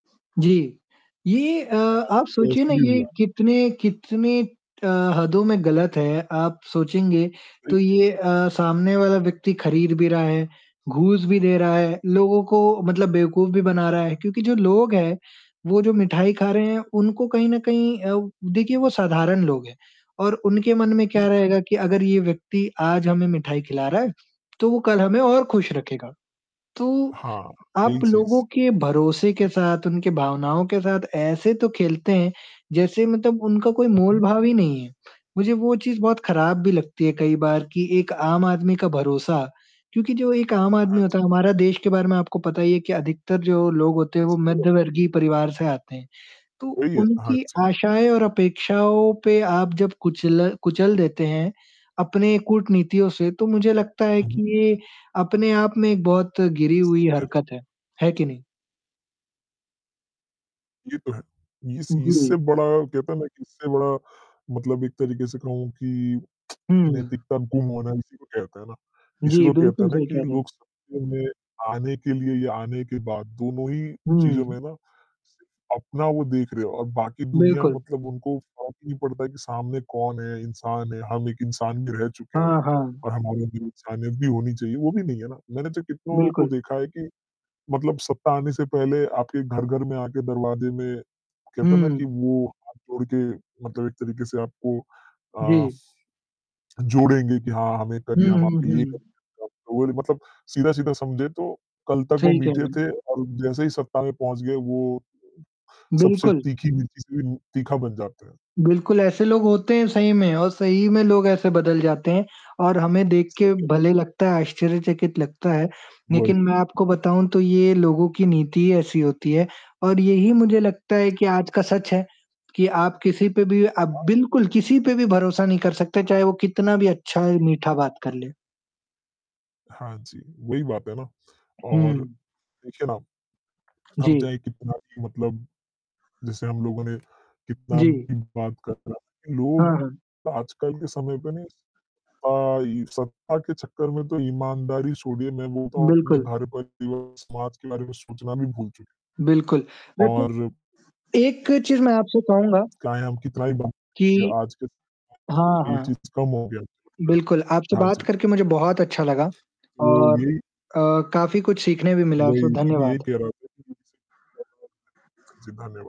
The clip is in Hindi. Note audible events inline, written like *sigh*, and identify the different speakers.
Speaker 1: जी। ये अ,
Speaker 2: तो
Speaker 1: आप
Speaker 2: अच्छा, तो
Speaker 1: सोचिए ना
Speaker 2: ऐसे भी
Speaker 1: ये
Speaker 2: हुआ है?
Speaker 1: कितने कितने अ, हदों में गलत है, आप सोचेंगे
Speaker 2: सही।
Speaker 1: तो ये अ, सामने वाला व्यक्ति खरीद भी रहा है, घूस भी दे रहा है।
Speaker 2: अच्छा।
Speaker 1: लोगों को मतलब बेवकूफ भी बना रहा है। क्योंकि जो लोग हैं, वो जो मिठाई खा रहे हैं, उनको कहीं न कहीं अ, देखिये वो साधारण लोग हैं और उनके मन में
Speaker 2: जी
Speaker 1: क्या
Speaker 2: *unintelligible*
Speaker 1: रहेगा की अगर ये व्यक्ति आज हमें मिठाई खिला रहा है, तो वो कल हमें और खुश रखेगा। तो
Speaker 2: हाँ,
Speaker 1: आप
Speaker 2: यही
Speaker 1: लोगों
Speaker 2: चीज़।
Speaker 1: के भरोसे के साथ उनकी भावनाओं के साथ ऐसे तो खेलते हैं जैसे मतलब उनका कोई मोल
Speaker 2: उहुँ।
Speaker 1: भाव ही नहीं है। मुझे वो चीज़ बहुत खराब भी लगती है कई बार कि एक आम आदमी का भरोसा क्योंकि जो एक आम आदमी
Speaker 2: हाँ
Speaker 1: होता
Speaker 2: जी।
Speaker 1: है हमारा देश के बारे में आपको पता ही है कि अधिकतर जो लोग होते हैं वो
Speaker 2: सही बात।
Speaker 1: मध्यवर्गीय परिवार से आते हैं तो
Speaker 2: वही है, हाँ
Speaker 1: उनकी
Speaker 2: जी।
Speaker 1: आशाएँ और अपेक्षाओं पे आप जब कुचल कुचल देते हैं अपने कूटनीतियों से तो मुझे लगता है
Speaker 2: उहुँ।
Speaker 1: कि ये अपने आप में एक बहुत गिरी
Speaker 2: सही
Speaker 1: हुई
Speaker 2: कह रहे हो।
Speaker 1: हरकत है, है कि नहीं?
Speaker 2: ये तो है। इस
Speaker 1: जी।
Speaker 2: इससे बड़ा कहते है ना कि इससे बड़ा मतलब एक तरीके से कहूँ कि
Speaker 1: हुँ।
Speaker 2: नैतिकता गुम होना है इसी को कहते हैं ना। इसी
Speaker 1: जी,
Speaker 2: को कहते
Speaker 1: बिल्कुल
Speaker 2: हैं ना
Speaker 1: सही
Speaker 2: कि
Speaker 1: कह रहे हैं।
Speaker 2: लोग *unintelligible* में आने के लिए या आने के बाद दोनों ही चीज़ों में
Speaker 1: हुँ।
Speaker 2: ना सिर्फ अपना वो देख रहे हो और बाकी दुनिया
Speaker 1: बिल्कुल।
Speaker 2: मतलब उनको फ़र्क ही नहीं पड़ता है कि सामने कौन है? इंसान है हम एक इंसान भी रह चुके हैं।
Speaker 1: हाँ, हाँ।
Speaker 2: और हमारा जो इंसानियत भी होनी चाहिए। वो भी नहीं है ना। मैंने तो कितनों को
Speaker 1: बिल्कुल।
Speaker 2: देखा है कि, मतलब सत्ता आने से पहले आपके घर घर में आके दरवाजे में कहते है ना कि
Speaker 1: हुँ।
Speaker 2: वो हाथ जोड़ के मतलब एक तरीके से आपको अ,
Speaker 1: जी।
Speaker 2: जोड़ेंगे कि हाँ हें ये
Speaker 1: हुँ,
Speaker 2: करिए, हम
Speaker 1: हुँ,
Speaker 2: आपके लिए
Speaker 1: हुँ।
Speaker 2: करेंगे। तो वो रि मतलब सीधा-सीधा समझे तो कल तक वो
Speaker 1: सही कह
Speaker 2: मीठे
Speaker 1: रहे हैं।
Speaker 2: थे और जैसे ही सत्ता में पहुँच गए वो सबसे
Speaker 1: बिल्कुल।
Speaker 2: तीखी मिर्ची से उ तीखा बन जाते हैं।
Speaker 1: बिल्कुल ऐसे लोग होते हैं सही में और सही में लोग ऐसे बदल जाते हैं और हमें देख के
Speaker 2: *unintelligible*
Speaker 1: भले लगता है आश्चर्यचकित लगता है लेकिन
Speaker 2: वही।
Speaker 1: मैं आपको बताऊँ तो ये लोगों की नीति ही ऐसी होती है और यही मुझे लगता है कि आज का सच है कि आप किसी पे भी आप
Speaker 2: हाँ।
Speaker 1: बिल्कुल, किसी पे भी भरोसा नहीं कर सकते चाहे वो कितना भी अच्छा,
Speaker 2: सही
Speaker 1: मीठा
Speaker 2: कहा।
Speaker 1: बात कर ले।
Speaker 2: हाँ जी, वही बात है ना। और
Speaker 1: हुँ।
Speaker 2: देखिए ना, हम
Speaker 1: जी।
Speaker 2: चाहे कितना भी मतलब जैसे हम लोगों ने कितना
Speaker 1: जी।
Speaker 2: भी बात कर रहा है।
Speaker 1: हाँ,
Speaker 2: लोग
Speaker 1: हाँ।
Speaker 2: आजकल के समय पे ना स अ, ये सत्ता के चक्कर में तो ईमानदारी छोड़िए मैं बोलता हूँ अपने
Speaker 1: बिल्कुल।
Speaker 2: *unintelligible* समाज के बारे में सोचना भी भूल चुके हैं।
Speaker 1: बिल्कुल। देखिए,
Speaker 2: और
Speaker 1: एक चीज़ मैं आपसे कहूँगा
Speaker 2: चाहे हम कितना ही बात
Speaker 1: कि
Speaker 2: करें आज के स
Speaker 1: हाँ,
Speaker 2: ये
Speaker 1: हाँ।
Speaker 2: चीज़ कम हो गया *unintelligible*
Speaker 1: बिल्कुल। आपसे
Speaker 2: हाँ
Speaker 1: बात
Speaker 2: जी।
Speaker 1: करके मुझे बहुत अच्छा लगा
Speaker 2: तो
Speaker 1: और
Speaker 2: यही
Speaker 1: अ, काफ़ी कुछ सीखने भी मिला,
Speaker 2: वही
Speaker 1: सो
Speaker 2: मैं भी यही
Speaker 1: धन्यवाद।
Speaker 2: कह रहा था *unintelligible* हाँ जी धन्यवाद।